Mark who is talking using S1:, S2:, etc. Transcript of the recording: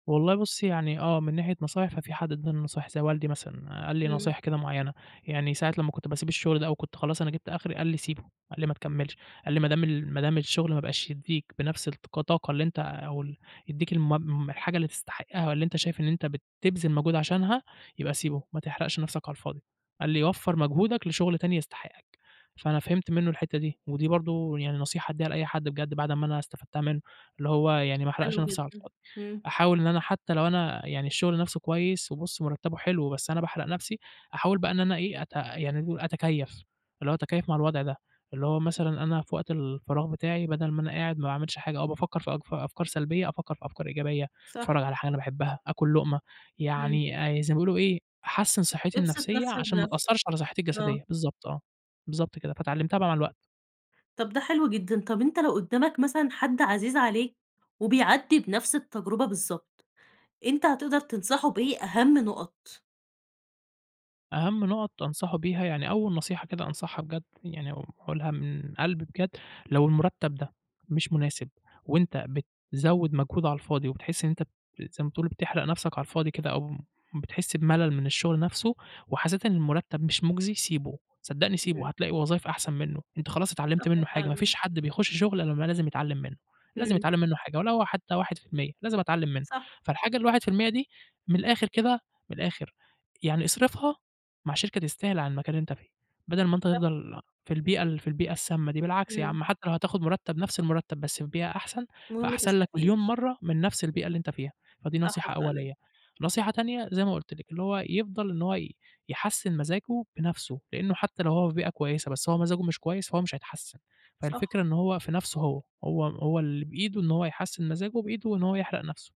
S1: والله بُصّي يعني آه، من ناحية نصايح في حد أَدَّى نصايح زي والدي مثلًا، قال لي
S2: إمم.
S1: نصايح كده معيّنة، يعني ساعة لمّا كنت باسيب الشغل ده أو كنت خلاص أنا جبت أخري، قال لي: "سيبه" قال لي: "ما تكمّلش" قال لي: "ما دام ال ما دام الشغل ما بقاش يدّيك بنفْس الك طاقة اللي أنت أو ال يدّيك الم الحاجة اللي تستحقها، والّا أنت شايف أنت بتبذل مجهود عشانها يبقى سيبه، ما تحرقش نفْسك على الفاضي" قال لي: "وفّر مجهودك لشغل تاني يستحقك" فأنا فهمت منه الحتّة دي، ودي برضه يعني نصيحة أديها لأي حد بجد بعد ما أنا استفدتها منه، اللي هو يعني ما أحرقش
S2: حلو
S1: نفْسي على
S2: جدًا،
S1: الفاضي،
S2: إمم.
S1: أحاول إن أنا حتّى لو أنا يعني الشغل نفْسه كويس وبُص مرتّبه حلو بس أنا باحرق نفْسي، أحاول بقى إن أنا إيه أت يعني أتكيّف، اللي هو أتكيّف مع الوضع ده، اللي هو مثلًا أنا في وقت الفراغ بتاعي بدل ما أنا قاعد ما باعملش حاجة أو بافكّر في أك أفكار سلبية، أفكّر في أفكار إيجابية
S2: صح.
S1: أتفرّج على حاجة أنا باحبها، آكل لقمة
S2: إمم.
S1: يعني زي ما بيقولوا إيه أحسِّن صحّتي
S2: ابسط
S1: النفسية
S2: نفْسك
S1: عشان ما
S2: بنفْسك،
S1: تأثّرش على صحتي
S2: آه.
S1: الجسدية، بالضبط آه، بالضبط كده فاتعلّمتها بقى مع الوقت.
S2: طب ده حلو جدًا، طب أنت لو قدّامك مثلًا حد عزيز عليك، وبيعدّي بنفْس التجربة بالضبط، أنت هتقدر تنصحه بإيه أهم نقط؟
S1: أهم نقط أنصحه بيها، يعني أول نصيحة كده أنصحها بجد، يعني أقولها من قلبي بجد، لو المرتّب ده مش مناسب، وأنت بتزوّد مجهود على الفاضي وبتحس إن أنت ب زي ما تقول بتحرق نفْسك على الفاضي كده، أو بتحس بملل من الشغل نفْسه، وحسّيت إن المرتّب مش مجزي سيبه، صدقني سيبه،
S2: إمم.
S1: هتلاقي وظايف أحسن منه، أنت خلاص اتعلّمت
S2: صح
S1: منه حاجة ما
S2: فعلًا.
S1: فيش حد بيخش شغل إلا ما لازم يتعلّم منه، لازم
S2: إمم.
S1: يتعلم منه حاجة ولو حتّى 1% لازم أتعلّم منه،
S2: صح.
S1: فالحاجة ال1% دي، من الآخر كده من الآخر، يعني أصرفها مع شركة تستاهل عن مكان اللي أنت فيه، بدل ما أنت
S2: صح.
S1: تفضل في البيئة ال في البيئة السامّة دي، بالعكس يا
S2: إمم.
S1: عم حتى لو هتاخد مرتّب نفْس المرتّب بس في بيئة أحسن،
S2: المهم
S1: فأحسن لك
S2: تستفيد.
S1: مليون مَرّة من نفْس البيئة اللي أنت فيها، فدي
S2: صح
S1: نصيحة
S2: فعلا.
S1: أولية، نصيحة تانية زي ما قُلت لِك اللي هو يفضل إن هو ي يحسِّن مزاجه بنفْسه، لإنه حتّى لو هو في بيئة كويسة بس هو مزاجه مش كويس، فهو مش هيتحسِّن،
S2: صح.
S1: فالفكرة إن هو في نفْسه هو، هو هو اللي بإيده إن هو يحسِّن مزاجه بإيده وإن هو يحرق نفْسه.